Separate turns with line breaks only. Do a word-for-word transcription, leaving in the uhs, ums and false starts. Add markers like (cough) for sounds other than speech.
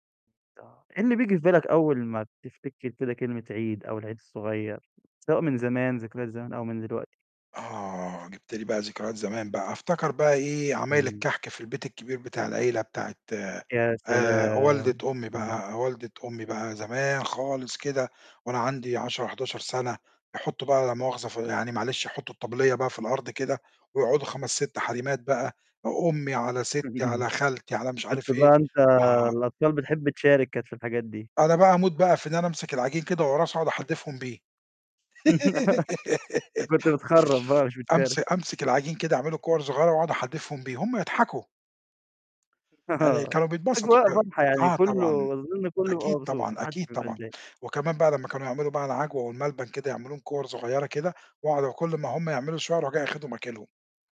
آه إيه بييجي في بالك أول ما تفتكر كده كلمة عيد، أو العيد الصُغيّر سواء من زمان ذكريات زمان أو من دلوقتي؟
آه جِبت لي بقى ذكريات زمان بقى أفتكر بقى إيه، عمايل
امم.
الكحك في البيت الكبير بتاع العيلة بتاعة
يا
آآ،
سلام،
والدة أمي
إمم.
بقى والدة أمي بقى زمان خالص كده وأنا عندي عَشرة، حداشر سنة يحطّوا بقى لا مؤاخذة ف يعني معلش يحطّوا الطبلية بقى في الأرض كده، ويقعدوا خَمَس، ست حريمات بقى، أ أمي، على سِتّي،
(chuckles)
على خالتي، على مش
كنت
عارف إيه.
بقى أنت
آه
الأطفال بتحب تشارك كانت في الحاجات دي.
أنا بقى أموت بقى في إن أنا أمسك العجين كده وأقرصه أقعد أحدّفهم بيه
(giggles) أنت
(giggles)
كنت بتخرّف بقى مش
(shushes)
بتشارك.
أمس أمسك العجين كده اعمله كُوَر صغيرة، واقعد أحدّفهم بيه هم يضحكوا. يعني
آه
كانوا بيتبسطوا
أجواء
كده،
واضحة يعني
آه، طبعًا،
كله أظن كله بيبقى
أكيد
مبسوط
طبعًا،
ما حدش
أكيد
بيبقى
طبعًا،
متضايق.
وكمان بقى لما كانوا يعملوا بقى العجوة والملبن كده يعملوهم كُوَر صغيرة كده، واقعد كل ما هم يعملوا شوية أروح جاي أخدهم آكلهم.